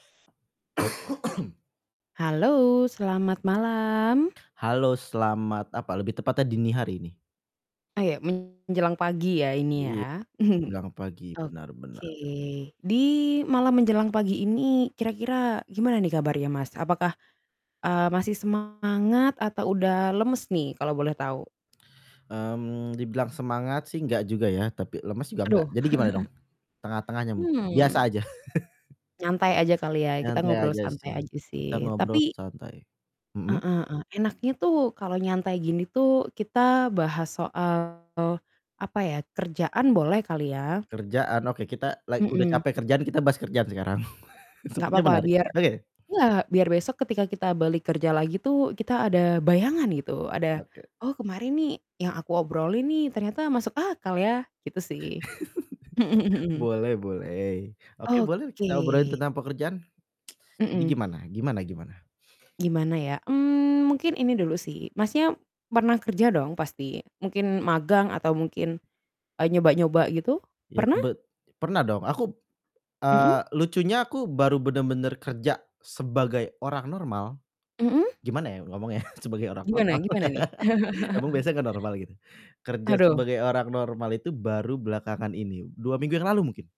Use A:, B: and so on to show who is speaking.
A: Halo, selamat malam.
B: Halo, selamat apa, lebih tepatnya dini hari nih.
A: Ayo, menjelang pagi ya ini
B: Iya,
A: ya,
B: menjelang pagi benar benar.
A: oke, di malam menjelang pagi ini kira-kira gimana nih kabarnya, Mas? Apakah, eee, masih semangat atau udah lemes nih kalau boleh tahu?
B: Mmm, dibilang semangat sih nggak juga ya tapi lemas juga nggak,
A: Aduh.
B: jadi gimana dong? Tengah-tengahnya mungkin biasa
A: Mmm.
B: aja.
A: Nyantai aja kali ya, kita
B: Nyantai
A: ngobrol
B: aja
A: santai
B: sih,
A: aja
B: kita
A: sih
B: ngobrol
A: tapi
B: santai,
A: Heeh
B: mhm?
A: heeh, enaknya tuh kalau nyantai gini tuh kita bahas soal, apa ya? Kerjaan boleh kali ya?
B: Kerjaan? Oke, kita la udah
A: Mhm.
B: capek kerjaan kita bahas kerjaan sekarang
A: Nggak
B: sepertinya
A: apa-apa,
B: menarik
A: biar
B: oke.
A: iya, biar besok ketika kita balik kerja lagi tuh, kita ada bayangan gitu, ada,
B: Oke.
A: "Oh kemarin nih yang aku obrolin nih ternyata masuk akal ya," gitu sih.
B: Boleh boleh, oke boleh
A: Oke.
B: kita obrolin tentang pekerjaan, jadi
A: Mhm.
B: gimana gimana gimana?
A: Gimana ya? Mmm, mungkin ini dulu sih Masnya, pernah kerja dong pasti? Mungkin magang atau mungkin, eee, nyoba-nyoba gitu?
B: Iya,
A: Pernah?
B: kebet pernah dong aku, eee,
A: Mhm?
B: lucunya aku baru benar-benar kerja sebagai orang normal,
A: Mhm?
B: gimana ya ngomongnya ya, sebagai orang
A: Gimana
B: normal
A: gimana nih?
B: emang biasanya gak normal gitu. Kerja
A: Aduh.
B: sebagai orang normal itu baru belakangan ini 2 minggu yang lalu mungkin.